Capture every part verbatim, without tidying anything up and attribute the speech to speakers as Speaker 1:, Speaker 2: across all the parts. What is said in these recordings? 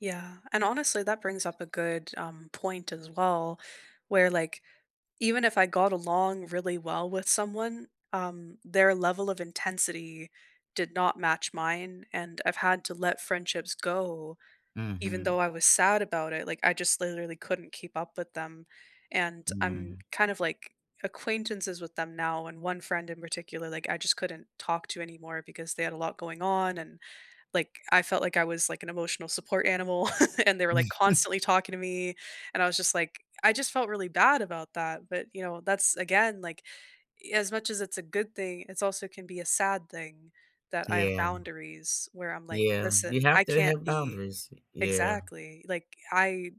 Speaker 1: Yeah, and honestly, that brings up a good, um, point as well where, like, even if I got along really well with someone, um, their level of intensity did not match mine, and I've had to let friendships go even though
Speaker 2: Mhm.
Speaker 1: I was sad about it Like, I just literally couldn't keep up with them, and I'm
Speaker 2: Mm.
Speaker 1: kind of, like, acquaintances with them now and one friend in particular, like, I just couldn't talk to anymore because they had a lot going on, and, like, I felt, like I was, like, an emotional support animal, and they were,
Speaker 2: Mhm.
Speaker 1: like, constantly talking to me, and I was just like I just felt really bad about that, but, you know, that's again, like, as much as it's a good thing, it's also can be a sad thing that I have
Speaker 2: Yeah
Speaker 1: boundaries where I'm like,
Speaker 2: yeah, you
Speaker 1: listen, I
Speaker 2: have to
Speaker 1: can't
Speaker 2: have
Speaker 1: be
Speaker 2: boundaries, y yeah.
Speaker 1: Exactly, like, I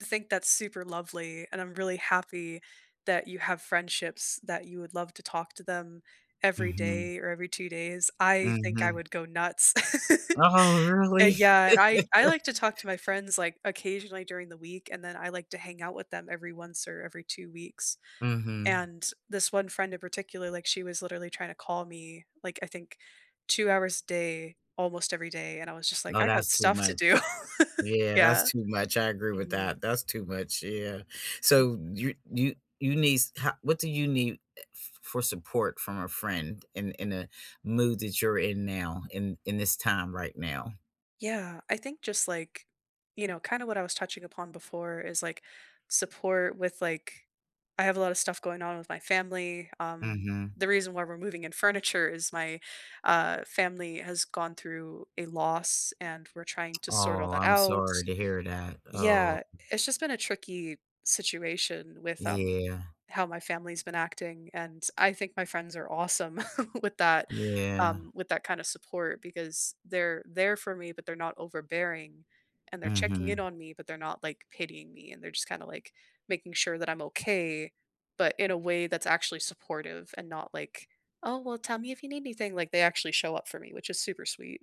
Speaker 1: think that's super lovely, and I'm really happy, that you have friendships, that you would love to talk to them every
Speaker 2: Mhm.
Speaker 1: day or every two days. I think I
Speaker 2: Mhm.
Speaker 1: would go nuts,
Speaker 2: Oh,
Speaker 1: uh,
Speaker 2: really?
Speaker 1: yeah, and, I I like to talk to my friends, like, occasionally during the week, and then I, like, to hang out with them every once or every two weeks,
Speaker 2: Mhm.
Speaker 1: and this one friend in particular, like, she was literally tryna call me like, I think two hours a day, almost every day, and I was, just like,
Speaker 2: No,
Speaker 1: I got
Speaker 2: that's too
Speaker 1: stuff to
Speaker 2: much
Speaker 1: do.
Speaker 2: yeah, that's
Speaker 1: Yeah,
Speaker 2: too much, I agree with that.
Speaker 1: mhm.
Speaker 2: That's too much, yeah,
Speaker 1: Mm.
Speaker 2: so, you you you needs ho what do you need, eh, f for support from a friend in in a mood that you're in now, in in this time right now?
Speaker 1: Yeah, I think just like you know, kinda what I was touching upon before is, like, support with, like I have a lotta stuff going on with my family, um,
Speaker 2: Mhm.
Speaker 1: the reason why we're moving in furniture is my, uh, family has gone through a loss, and we're trying to sort all
Speaker 2: Oh,
Speaker 1: that
Speaker 2: I'm
Speaker 1: out.
Speaker 2: sorry to hear that, oh.
Speaker 1: Yeah, it's just been a tricky situation with, um,
Speaker 2: Yeah.
Speaker 1: how my family's been acting, and I think my friends are awesome with that
Speaker 2: Yeah.
Speaker 1: um, with that kinda support because they're there for me, but they're not overbearing, and they're checking in
Speaker 2: Mhm.
Speaker 1: on me, but they're not ,like, pitying me, and they're just kind of, like, making sure that I'm okay, but in a way that's actually supportive, and not like, "Oh well, tell me if you need anything." Like they actually show up for me, which is super sweet.